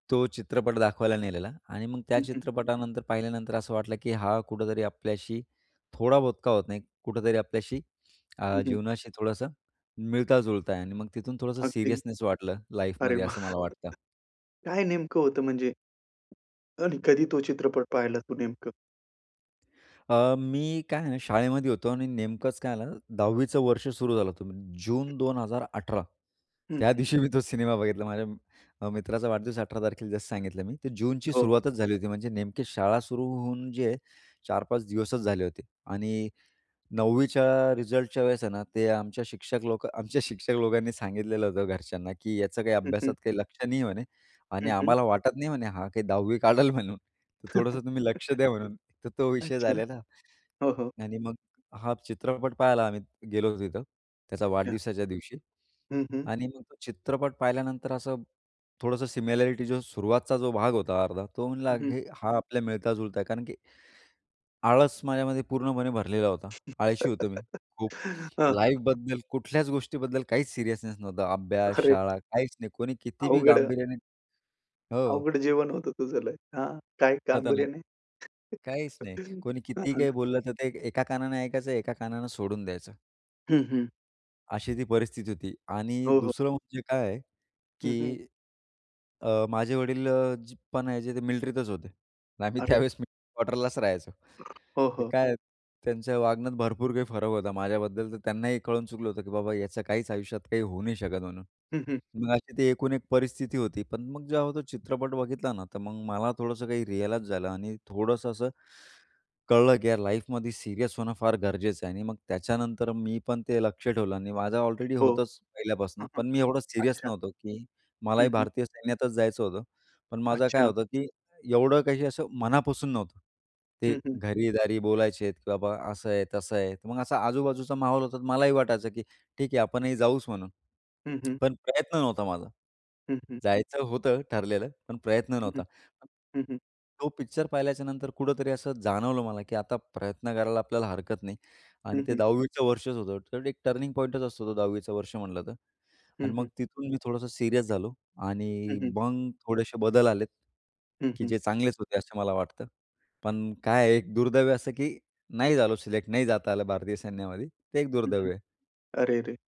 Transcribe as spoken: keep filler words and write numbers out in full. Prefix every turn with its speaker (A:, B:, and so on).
A: तो चित्रपट दाखवायला नेलेला आणि मग त्या
B: हं, हं.
A: चित्रपटानंतर पाहिल्यानंतर असं वाटलं, की हा कुठेतरी आपल्याशी थोडा बहुत का होत नाही कुठेतरी आपल्याशी अ,
B: हं, हं.
A: जीवनाशी थोडंसं मिळता-जुळता आहे आणि मग तिथून थोडंसं
B: अगदी.
A: सीरियसनेस वाटलं
B: अरे
A: लाईफमध्ये
B: वाह!
A: असं मला वाटतं.
B: काय नेमकं होतं म्हणजे? आणि कधी तो चित्रपट पाहिला तू नेमकं?
A: अ, मी काय आहे ना शाळेमध्ये होतो आणि नेमकंच काय झालं दहावी चं वर्ष सुरू झालं होतं. जून दोन हजार अठरा
B: हं,
A: त्या
B: हं.
A: दिवशी मी तो सिनेमा बघितला. माझ्या अ, मित्राचा वाढदिवस अठरा तारखेला जसं सांगितलं मी. ते जूनची
B: हो.
A: सुरुवातच झाली होती. म्हणजे नेमकी शाळा सुरू होऊन जे आहे चार-पाच दिवसच झाले होते आणि नववीच्या रिझल्टच्या वेळेस आहे ना ते आमच्या शिक्षक लोकं आमच्या शिक्षक लोकांनी सांगितलेलं होतं घरच्यांना, की याचं काही
B: हं, हं.
A: अभ्यासात काही लक्ष नाही म्हणे आणि
B: हं, हं.
A: आम्हाला वाटत नाही म्हणे हा काही दहावी काढंल म्हणून. तर थोडंसं तुम्ही लक्ष द्या म्हणून, तर तो विषय
B: अच्छा.
A: झालेला
B: हो, हो.
A: आणि मग हा चित्रपट पाहायला आम्ही गेलो तिथं त्याचा
B: हां.
A: वाढदिवसाच्या दिवशी
B: हं, हं.
A: आणि मग तो चित्रपट पाहिल्यानंतर असं थोडंसं सिमिलॅरिटी जो सुरुवातीचा जो भाग होता अर्धा, तो म्हणला
B: हं, हं.
A: हे हा आपल्या मिळता-जुळता आहे कारण की आळस माझ्यामध्ये पूर्णपणे भरलेला होता. आळशी होतो मी खूप
B: हां, हां.
A: लाईफबद्दल, कुठल्याच गोष्टीबद्दल काहीच सिरियसनेस नव्हता. अभ्यास,
B: खरं आहे.
A: शाळा काहीच नाही कोणी कितीही
B: अवघड
A: गांभीर्याने हो.
B: अवघड जीवन होतं तुझं लय. हां, काय गंभीर्य
A: खतरनाक.
B: नाही.
A: काहीच नाही. कोणी कितीही
B: हां.
A: काही बोललं, तर ते एका कानाने ऐकायचं एका कानाने सोडून द्यायचं.
B: हं, हं.
A: अशी ती परिस्थिती होती आणि
B: हो, हो.
A: दुसरं म्हणजे काय,
B: हं, हं.
A: की अ, माझे वडील अ, पण याचे ते मिलिट्रीतच होते. आम्ही
B: अरे!
A: त्यावेळेस आम्ही मिलिट्री क्वार्टरलाच राहायचो,
B: हो,
A: तर
B: हो.
A: काय त्यांच्या वागण्यात भरपूर काही फरक होता. माझ्याबद्दल तर त्यांनाही कळून चुकलं होतं, की बाबा ह्याचं काहीच आयुष्यात काही होऊ नाही शकत म्हणून.
B: हं, हं.
A: मग अशी ती एकूण एक परिस्थिती होती, पण मग जेव्हा तो चित्रपट बघितला ना तर मग मला थोडंसं काही रिअलाईज झालं आणि थोडंसं असं कळलं, की यार लाईफमध्ये सीरियस होणं फार गरजेचं आहे आणि मग त्याच्यानंतर मी पण ते लक्ष ठेवलं आणि माझं ऑलरेडी
B: हो.
A: होतंच पहिल्यापासून
B: हं, हं.
A: पण मी एवढं सीरियस
B: अच्छा.
A: नव्हतो, की
B: हं,
A: मलाही
B: हं.
A: भारतीय सैन्यातच जायचं होतं, पण माझं काय
B: अच्छा.
A: होतं, की एवढं काही असं मनापासून नव्हतं. ते
B: हं, हं.
A: घरी-दारी बोलायचे, की बाबा असं आहे, तसं आहे मग असा आजूबाजूचा माहौल होता, तर मलाही वाटायचं, की ठीक आहे आपणही जाऊच म्हणून,
B: हं, हं.
A: पण प्रयत्न नव्हता माझा.
B: हं, हं.
A: जायचं होतं ठरलेलं, पण प्रयत्न
B: हं,
A: नव्हता.
B: हं, हं.
A: तो पिक्चर पाहिल्याच्यानंतर कुठेतरी असं जाणवलं मला, की आता प्रयत्न करायला आपल्याला हरकत नाही आणि
B: हं,
A: ते
B: हं.
A: दहावी चं वर्षच होतं तर एक टर्निंग पॉइंटच असतो तो दहावी चं वर्ष म्हंटलं तर आणि
B: हं, हं.
A: मग तिथून मी थोडंस सीरियस झालो
B: हं,
A: आणि
B: हं.
A: मग थोडेसे बदल आलेत,
B: हं,
A: की
B: हं.
A: जे चांगलेच होते असं मला वाटतं. पण काय आहे एक दुर्दैव्य असं, की नाही झालो सिलेक्ट. नाही जाता आलं भारतीय सैन्यामध्ये. ते एक
B: हं, हं.
A: दुर्दैव्य आहे.
B: अरेरे!